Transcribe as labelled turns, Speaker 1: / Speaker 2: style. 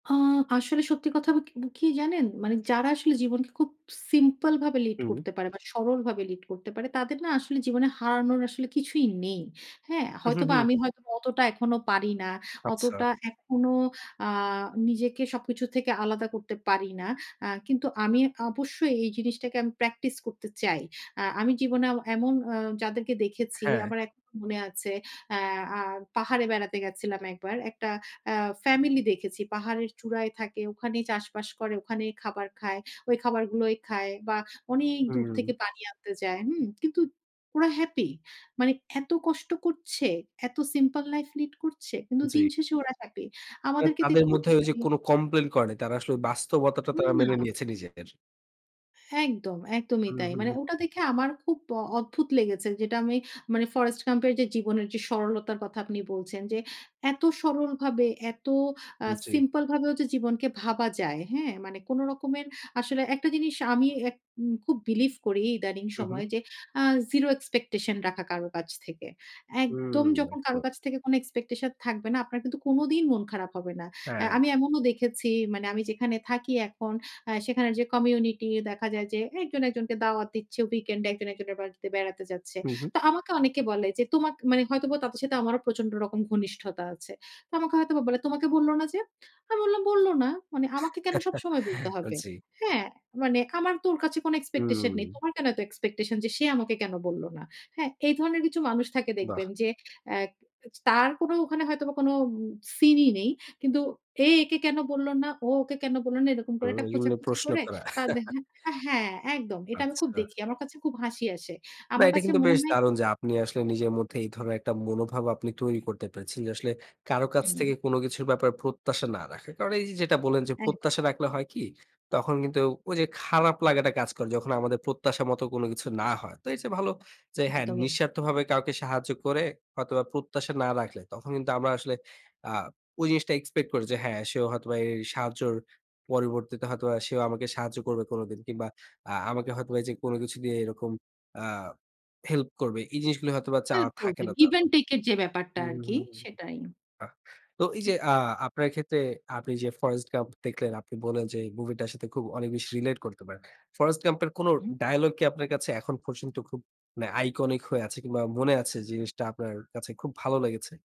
Speaker 1: আ আসলে সত্যি কথা ব ক কি জানেন? মানে যারা আসলে জীবনকে খুব সিম্পল ভাবে লিড
Speaker 2: হুম।
Speaker 1: করতে পারে বা সরলভাবে লিড করতে পারে, তাদের না আসলে জীবনে হারানোর আসলে কিছুই নেই। হ্যাঁ?
Speaker 2: হুম, হুম,
Speaker 1: হয়তোবা
Speaker 2: হুম।
Speaker 1: আমি হয়তো অতটা এখনো পারি না।
Speaker 2: আচ্ছা।
Speaker 1: অতটা এখনো আ নিজেকে সবকিছু থেকে আলাদা করতে পারি না। আ কিন্তু আমি অবশ্যই এই জিনিসটাকে আমি প্র্যাকটিস করতে চাই। আ আমি জীবনে এমন আ যাদেরকে দেখেছি,
Speaker 2: হ্যাঁ।
Speaker 1: আমার এক মনে আছে আ আ পাহাড়ে বেড়াতে গেছিলাম একবার। একটা আ ফ্যামিলি দেখেছি। পাহাড়ের চূড়ায় থাকে, ওখানেই চাষবাস করে, ওখানেই খাবার খায়। ঐ খাবারগুলোই খায় বা অনেক দূর থেকে
Speaker 2: হুম।
Speaker 1: পানি আনতে যায়। হুম? কিন্তু ওরা হ্যাপি। মানে এত কষ্ট করছে, এত সিম্পল লাইফ লিড করছে। কিন্তু দিন
Speaker 2: জি।
Speaker 1: শেষে ওরা হ্যাপি।
Speaker 2: এ
Speaker 1: আমাদেরকে
Speaker 2: তাদের
Speaker 1: দেখুন!
Speaker 2: মধ্যে ঐ যে কোন
Speaker 1: [unintelligible]
Speaker 2: কমপ্লেইন করে। তারা আসলে বাস্তবতাটা
Speaker 1: হুম
Speaker 2: তারা
Speaker 1: না।
Speaker 2: মেনে নিয়েছে নিজেদের।
Speaker 1: একদম, একদমই
Speaker 2: হুম,
Speaker 1: তাই।
Speaker 2: হুম,
Speaker 1: মানে
Speaker 2: হুম।
Speaker 1: ওটা দেখে আমার খুব অ অদ্ভুত লেগেছে। যেটা আমি মানে ফরেস্ট গাম্প এর যে জীবনের যে সরলতার কথা আপনি বলছেন, যে এত সরলভাবে এত আ
Speaker 2: জি।
Speaker 1: সিম্পল ভাবেও যে জীবনকে ভাবা যায়। হ্যাঁ? মানে কোন রকমের আসলে একটা জিনিস আমি আ উম খুব বিলিভ করি ইদানিং
Speaker 2: হুম, হুম।
Speaker 1: সময়, যে আ জিরো এক্সপেকটেশন রাখা কারো কাছ থেকে। একদম
Speaker 2: হুম,
Speaker 1: যখন কারো
Speaker 2: একদম।
Speaker 1: কাছ থেকে কোন এক্সপেকটেশন থাকবে না, আপনার কিন্তু কোনদিন মন খারাপ হবে না। আ
Speaker 2: হ্যাঁ।
Speaker 1: আমি এমনও দেখেছি, মানে আমি যেখানে থাকি এখন, আ সেখানে যে কমিউনিটি দেখা যায় যে একজন একজনকে দাওয়াত দিচ্ছে, উইকেন্ড এ একজন একজনের বাড়িতে বেড়াতে যাচ্ছে।
Speaker 2: হুম, হুম।
Speaker 1: তো আমাকে অনেকে বলে যে তোমকে মানে হয়তোবা তাদের সাথে আমারও প্রচন্ড রকম ঘনিষ্ঠতা আছে। তো আমাকে হয়তোবা বলে "তোমাকে বলল না যে?" আমি বললাম বলল না। মানে আমাকে কেন সবসময় বলতে হবে?
Speaker 2: জি।
Speaker 1: হ্যাঁ, মানে আমার তো ওর কাছে কোনো এক্সপেকটেশন
Speaker 2: হুম।
Speaker 1: নেই। তোমার কেন এত এক্সপেকটেশন যে সে আমাকে কেন বলল না? হ্যাঁ, এই ধরনের কিছু মানুষ থাকে
Speaker 2: বাহ।
Speaker 1: দেখবেন যে আ তার কোনো ওখানে হয়তোবা কোনো সিন ই নেই। কিন্তু এ একে কেন বলল না, ও ওকে কেন বলল না, এরকম করে
Speaker 2: হুম,
Speaker 1: একটা
Speaker 2: এগুলো
Speaker 1: খোঁচাখুঁচি
Speaker 2: প্রশ্ন
Speaker 1: করে
Speaker 2: করা।
Speaker 1: তাদের হ্যাঁ, একদম। এটা আমি খুব
Speaker 2: আচ্ছা।
Speaker 1: দেখি। আমার কাছে খুব হাসি আসে।
Speaker 2: না
Speaker 1: আমার
Speaker 2: এটা
Speaker 1: কাছে
Speaker 2: কিন্তু
Speaker 1: মনে
Speaker 2: বেশ
Speaker 1: হয় কি
Speaker 2: দারুণ যে আপনি আসলে নিজের মধ্যে এই ধরনের একটা মনোভাব আপনি তৈরি করতে পেরেছেন। যে আসলে কারো কাছ
Speaker 1: হুম।
Speaker 2: থেকে কোন কিছুর ব্যাপারে প্রত্যাশা না রাখা। কারণ এই যে যেটা বললেন যে
Speaker 1: একদম।
Speaker 2: প্রত্যাশা রাখলে হয় কি? তখন কিন্তু ঐ যে খারাপ লাগাটা কাজ করে। যখন আমাদের প্রত্যাশা মত কোন কিছু না হয়। তো এর চেয়ে ভালো যে হ্যাঁ,
Speaker 1: একদমই।
Speaker 2: নিঃস্বার্থভাবে কাউকে সাহায্য করে হয়তোবা প্রত্যাশা না রাখলে তখন কিন্তু আমরা আসলে আ ঐ জিনিসটা এক্সপেক্ট করি যে হ্যাঁ সেও হয়তোবা এই সাহায্যের পরবর্তীতে হয়তোবা সেও আমাকে সাহায্য করবে কোনদিন কিংবা আ আমাকে হয়তো বা যে কোন কিছু দিয়ে এরকম আ হেল্প করবে। এই জিনিসগুলো হয়তোবা চাওয়া
Speaker 1: হেল্প
Speaker 2: থাকে
Speaker 1: করবে,
Speaker 2: না
Speaker 1: গিভ
Speaker 2: তখন।
Speaker 1: আন্ড টেক এর যে ব্যাপারটা আর কি
Speaker 2: হুম।
Speaker 1: সেটাই।
Speaker 2: বাহ! তো এই যে আ আপনার ক্ষেত্রে আপনি যে ফরেস্ট গাম্প দেখলেন, আপনি বললেন যে মুভি টার সাথে খুব অনেক বেশি রিলেট করতে পারেন। ফরেস্ট ক্যাম্প এর কোন
Speaker 1: হুম।
Speaker 2: ডায়ালগ কি আপনার কাছে এখন পর্যন্ত খুব মানে আইকনিক হয়ে আছে? কিংবা মনে আছে জিনিসটা আপনার কাছে খুব ভালো লেগেছে?